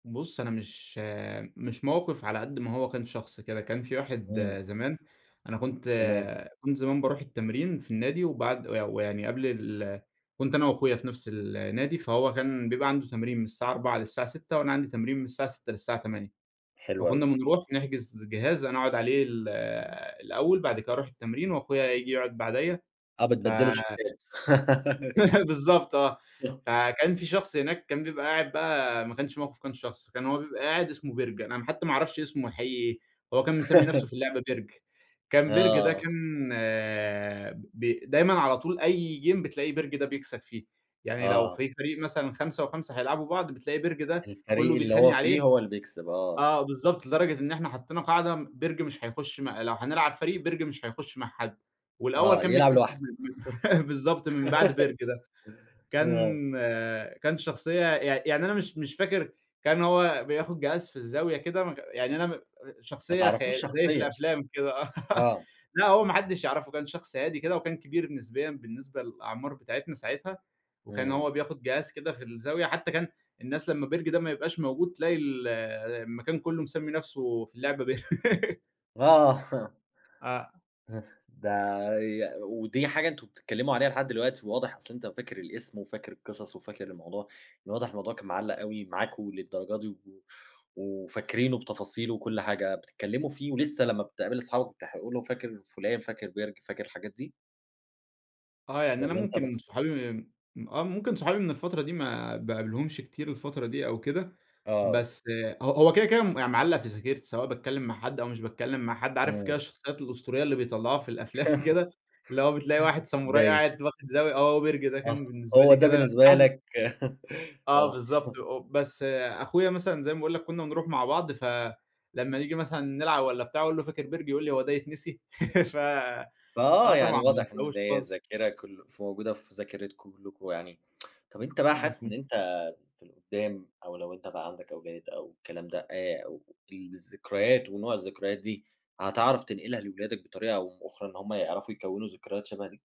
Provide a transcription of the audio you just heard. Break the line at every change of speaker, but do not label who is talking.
بُصّ، أنا مش مش موقف على قدّ ما هو كان شخص كده، كان في واحد
إمم.
زمان أنا كنت
تمام.
كنت زمان باروح التمرين في النادي، وبعد وي ويعني قبل ال كنت أنا واخويا في نَفس النادي، فهو كان بيبقى عنده تمرين من الساعة 16:00 للساعة 18:00 وأنا عندي تمرين من الساعة 18:00 للساعة 20:00،
حلو
فكنا
أوي.
بنروح نحجز جهاز أنا أقعد عليه ال الأول، بعد كده أروح التمرين واخويا ييجي يقعد بعديَّ،
آه
ف
بتبدّلوا الشيفات.
بالضبط آه،
[unintelligible]
فكان في شخص هناك كان بيبقى قاعد بقى ما كانش موقف كان شخص، كان هو بيبقى قاعد اسمه بِرج، أنا حتى ما اعرفش اسمه الحقيقي إيه، هو كان مِسمّي نَفسه في اللعبة بِرج، كان بِرج ده
آه.
كان ب دايمًا على طول أي جيم بتلاقي بِرج ده بيكسب فيه، يعني لو
آه.
في فريق مثلًا 5 و5 هيلاعبوا بعض، بتلاقي بِرج ده كلّه
الفريق اللي
بيتخانق
هو
عليه،
فيه هو اللي بيكسب، آه.
آه بالضبط، لدرجة إن إحنا حطّينا قاعدة م بِرج مش هيخش م لو هنلعب فريق بِرج مش هيخش مع حد، والأول
آه
كان
يلعب
بيتحسب
لوحده.
[unintelligible] بالضبط من بعد بِرج ده،
آه.
كان كان شخصية يع يعني أنا مش مش فاكر كان هو بياخد جهاز في الزاوية كده م يعني أنا م
ما
شخصية
تعرفهوش
خيا زي في
شخصيًا.
الأفلام كده، آه
آه.
لأ هو ما حدّش يعرفه، كان شخص هادي كده وكان كبير نسبيًا بالنسبة للأعمار بتاعتنا ساعتها، وكان
إمم.
هو بياخد جهاز كده في الزاوية، حتى كان الناس لمّا بِرج ده ما يبقاش موجود تلاقي ال المكان كلّه مِسمّي نَفسه في اللعبة بر
آه.
آه.
[unintelligible] ده ي ودي حاجة أنتم بتتكلموا عليها لحد دلوقتي، واضح أصلًا أنت فاكر الاسم وفاكر القصص وفاكر الموضوع، من الواضح الموضوع كان معلّق أوي معاكم للدرجة دي، و وفاكرينه بتفاصيله وكُلّ حاجة، بتتكلموا فيه ولسه لمّا بتقابل أصحابك بتح قولوا فاكر فلان، فاكر بِرج، فاكر الحاجات دي؟
آه يعني أنا
والّا أنت
ممكن
بس؟
صحابي ام آه ممكن صحابي من الفترة دي ما باقابلهمش كتير الفترة دي أو كده،
آه.
بس ه هو كده كده م معلّق في ذاكرتي سواء باتكلم مع حد أو مش باتكلم مع حد، عارف كده
إمم.
الشخصيات الأسطورية اللي بيطلّعوها في الأفلام كده؟ اللي هو بتلاقي واحد ساموراي
باين.
قاعد واخد زاوية، آه هو بِرج ده
آه،
كان بالنسبة
هو
لي
ده
كده.
بالنسبة
[unintelligible]
لك
آه
آه.
بالضبط أ بس أخويا مثلًا زي ما باقول لك كنا بنروح مع بعض، فلمّا نيجي مثلًا نلعب والّا بتاع أقول له: "فاكر بِرج؟"، يقول لي: "هو ده يتنسي؟"، ف آه
فآه يعني
طبعًا ما
واضح إن
انساهوش
ده هي
خالص.
الذاكرة كل فموجودة في ذاكِرتكم كلّكم يعني، طب أنت بقى حاسس
مضبو
إن أنت في القدام أو لو أنت بقى عندك أولاد أو الكلام ده، آآ، أو تل الذكريات ونوع الذكريات دي هتعرف تنقلها لولادك بطريقة أو بأخرى إن هُم يعرفوا يكَوّنوا ذكريات شبه دي؟